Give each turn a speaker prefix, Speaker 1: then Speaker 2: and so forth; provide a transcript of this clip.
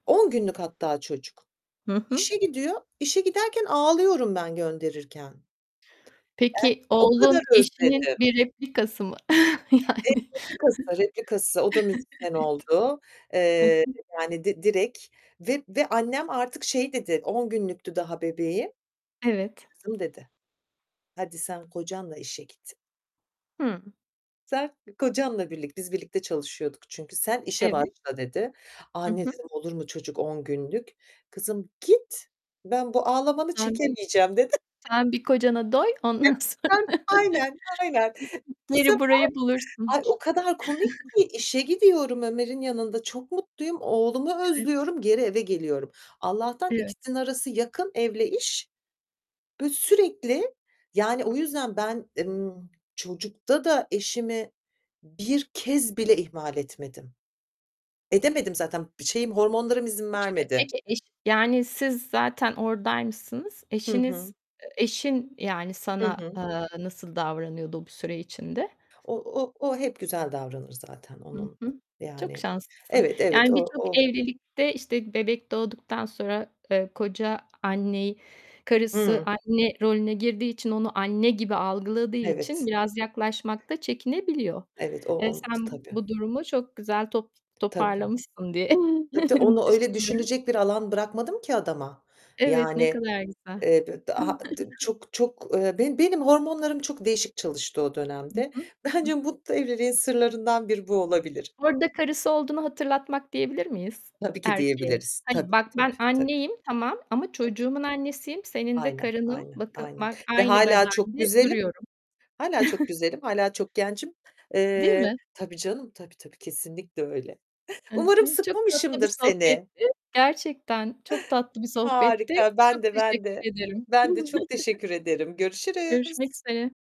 Speaker 1: 10 günlük hatta çocuk.
Speaker 2: Hı hı.
Speaker 1: İşe gidiyor. İşe giderken ağlıyorum ben gönderirken.
Speaker 2: Peki
Speaker 1: O kadar
Speaker 2: oğlun eşinin
Speaker 1: özledim.
Speaker 2: bir replikası mı?
Speaker 1: E,
Speaker 2: Yani.
Speaker 1: replikası, replikası. O da müzisyen oldu.
Speaker 2: Evet. Hı
Speaker 1: Eee,
Speaker 2: hı.
Speaker 1: yani, d direkt ve ve annem artık şey dedi, 10 günlüktü daha bebeğim.
Speaker 2: Evet.
Speaker 1: "Kızım," dedi, "hadi sen kocanla işe git."
Speaker 2: Hı.
Speaker 1: Sen kocanla birlikte Biz birlikte çalışıyorduk çünkü. Sen işe
Speaker 2: Evet.
Speaker 1: başla dedi.
Speaker 2: Hı
Speaker 1: "Anne"
Speaker 2: hı.
Speaker 1: dedim, "olur mu çocuk 10 günlük." "Kızım git, ben bu ağlamanı"
Speaker 2: Sen
Speaker 1: "Çekemeyeceğim." dedi.
Speaker 2: sen bir kocana doy ondan
Speaker 1: [unintelligible]
Speaker 2: sonra
Speaker 1: Sen aynen, aynen.
Speaker 2: [unintelligible]
Speaker 1: Bu sefer,
Speaker 2: içeri burayı bulursun.
Speaker 1: ay, o kadar komik ki işe gidiyorum, Ömer'in yanında çok mutluyum, oğlumu
Speaker 2: Evet.
Speaker 1: özlüyorum, geri eve geliyorum. Allah'tan
Speaker 2: Evet.
Speaker 1: ikisinin arası yakın evle iş ve sürekli, yani, o yüzden ben, ımm, çocukta da eşimi bir kez bile ihmal etmedim. Edemedim zaten şeyim hormonlarım izin
Speaker 2: [unintelligible]
Speaker 1: vermedi.
Speaker 2: Peki eş yani, siz zaten oradaymışsınız.
Speaker 1: Hı hı.
Speaker 2: Eşiniz, eee, eşin, yani,
Speaker 1: Hı
Speaker 2: sana,
Speaker 1: hı.
Speaker 2: eee, nasıl davranıyordu bu süre içinde?
Speaker 1: O o o hep güzel davranır zaten
Speaker 2: Hı
Speaker 1: onun
Speaker 2: hı, çok
Speaker 1: yani
Speaker 2: şanslısın.
Speaker 1: Evet, evet
Speaker 2: Yani,
Speaker 1: o
Speaker 2: birçok
Speaker 1: o
Speaker 2: evlilikte, işte, bebek doğduktan sonra, eee, koca anneyi, karısı
Speaker 1: Hımm.
Speaker 2: anne rolüne girdiği için onu anne gibi algıladığı için
Speaker 1: Evet.
Speaker 2: biraz yaklaşmak da çekinebiliyor.
Speaker 1: Evet, o
Speaker 2: Eee,
Speaker 1: oldu
Speaker 2: sen
Speaker 1: tabii.
Speaker 2: bu durumu çok güzel top
Speaker 1: Tabii.
Speaker 2: toparlamışsın diye
Speaker 1: Tabii tabii onu öyle
Speaker 2: düşünüyorum.
Speaker 1: düşünecek bir alan bırakmadım ki adama.
Speaker 2: Evet, ne
Speaker 1: Yani,
Speaker 2: kadar güzel.
Speaker 1: eee, b d a d çok çok eee, benim benim hormonlarım çok değişik çalıştı o
Speaker 2: Hı
Speaker 1: dönemde.
Speaker 2: hı, hı
Speaker 1: Bence
Speaker 2: hı.
Speaker 1: mutlu evliliğin sırlarından biri bu olabilir.
Speaker 2: Orada karısı olduğunu hatırlatmak diyebilir miyiz
Speaker 1: Tabii ki
Speaker 2: erkeğe?
Speaker 1: diyebiliriz.
Speaker 2: Hani,
Speaker 1: Tabii,
Speaker 2: bak ben
Speaker 1: tabii, tabii.
Speaker 2: anneyim tamam ama
Speaker 1: Tabii.
Speaker 2: çocuğumun annesiyim, senin de
Speaker 1: Aynen,
Speaker 2: karınım,
Speaker 1: aynen,
Speaker 2: bakı
Speaker 1: aynen
Speaker 2: bak
Speaker 1: ve
Speaker 2: aynı
Speaker 1: hâlâ çok
Speaker 2: bedende
Speaker 1: güzelim.
Speaker 2: duruyorum.
Speaker 1: Hâlâ çok güzelim. Hâlâ çok gencim.
Speaker 2: Değil
Speaker 1: Eee,
Speaker 2: mi?
Speaker 1: tabii canım. Tabii tabii kesinlikle öyle.
Speaker 2: Hı hı.
Speaker 1: Umarım
Speaker 2: Çok tatlı bir
Speaker 1: sıkmamışımdır seni.
Speaker 2: sohbetti. Gerçekten çok tatlı bir sohbetti.
Speaker 1: Harika.
Speaker 2: E,
Speaker 1: Ben
Speaker 2: çok
Speaker 1: de, ben
Speaker 2: teşekkür
Speaker 1: de.
Speaker 2: ederim.
Speaker 1: Ben de çok teşekkür ederim.
Speaker 2: Görüşmek
Speaker 1: Görüşürüz.
Speaker 2: üzere.